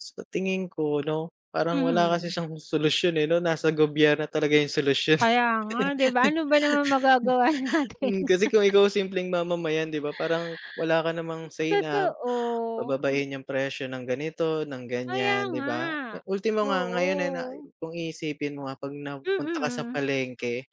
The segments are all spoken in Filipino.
Sa tingin ko 'no, parang wala kasi Mhm. siyang solusyon, eh, no? Nasa gobyerno talaga yung solusyon. Kaya nga, di ba, ano ba naman magagawa natin? Hmm, kasi kung ikaw, simpleng mamamayan, 'di ba, parang wala ka namang say na Totoo. pababain yung presyo ng ganito, ng Kaya ganyan, di nga, ba? Eh, ultimo nga ngayon eh, na oo. kung iisipin mo, ah, pag napunta ka sa Mm. palengke,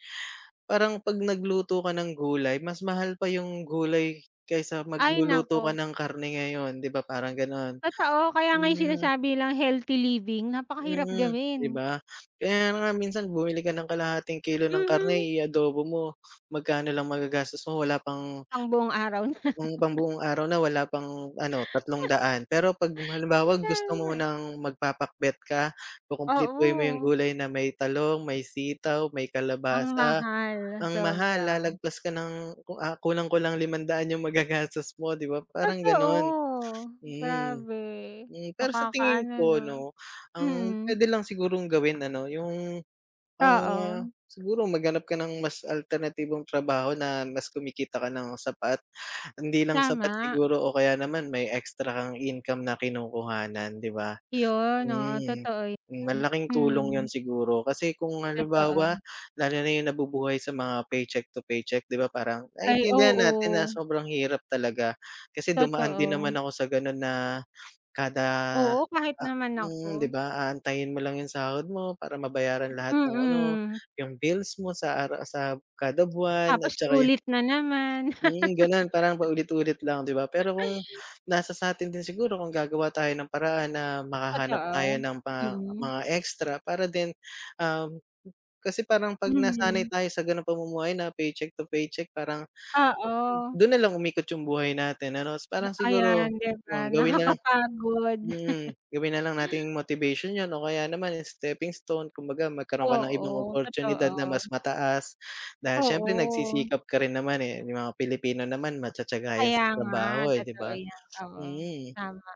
parang 'pag nagluto ka ng gulay, mas mahal pa yung gulay kaysa Ay, magluluto ka naku! ng karne ngayon di ba? Parang ganon, Totoo, kaya nga yung hmm sinasabi nilang health-living napakahirap Mm, di gawin. ba? Kaya nga minsan bumili ka ng kalahating kilo ng karne Mhm. i-adobo mo, magkano lang magagastos mo wala pang Pangbuong araw na. yung pambuong araw na wala pang ano ₱300, pero 'pag halimbawa Kaya gusto mo nga. ng magpapakbet ka, kukumpletuhin mo yung Oo. gulay na may talong, may sitaw, may Ang kalabasa mahal, ang mahal, sobra. lalagpas ka ng ku ah, kulang-kulang ₱500 yung magagastos mo di ba? Parang ganon Totoo, mm. grabe. Hmm, pero sa tingin Nakakaano ko no? 'no, ang Mm. puwede lang sigurong gawin ano yung, ah, Oo. siguro maghanap ka ng mas alternatibong trabaho na mas kumikita ka nang sapat. Hindi lang sapat Tama. siguro o kaya naman may extra kang income na kinukuhanan di ba? Yun, oo, hmm, totoo hmm yun, malaking tulong yun mm. siguro kasi kung Totoo. halimbawa, lalo na yung nabubuhay sa mga paycheck to paycheck di ba, parang Ay, naiintindihan natin na oo. sobrang hirap talaga kasi dumaan din Totoo. naman ako sa ganon na kada, Oo, kahit ah naman hmm, di ako. ba? Aantayin mo lang yung sahod mo para mabayaran lahat ng ano, Mm. yung bills mo sa ara sa kada buwan at Tapos saka yung ulit na naman. mm, ganon, parang paulit-ulit lang, di ba? Pero kung nasa sa'tin din siguro kung gagawa tayo ng paraan na makahanap tayo Totoo, ng mga mm. mga extra para din, um, kasi parang 'pag nasanay Mm. tayo sa ganong pamumuhay na paycheck to paycheck, parang Oo. dun na lang umikot yung buhay natin ano, parang Ayan, siguro di ba, kung gawin na lang nakakapagod. mm gawin na lang nating motivation yun o kaya naman, eh, stepping stone. Kumbaga magkaroon ka ng ibang Oo, oportunidad na totoo. mas mataas dahil siyempre Oo. nagsisikap ka rin naman, eh. Yung mga Pilipino naman matiyatiyaga 'yan Kaya sa nga, trabaho, eh di totoo ba? 'yan, oo, Mm. tama.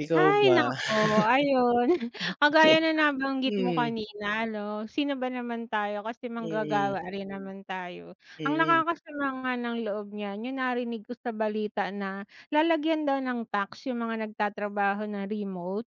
Ikaw Hay ba? naku! Ayun, kagaya na nabanggit mo Mhm. kanina 'no sino ba naman tayo? Kasi Mm. manggagawa rin naman tayo. Ang Mm. nakakasama nga ng loob niyan yung narinig ko sa balita na lalagyan daw ng tax yung mga nagtatrabaho ng remote.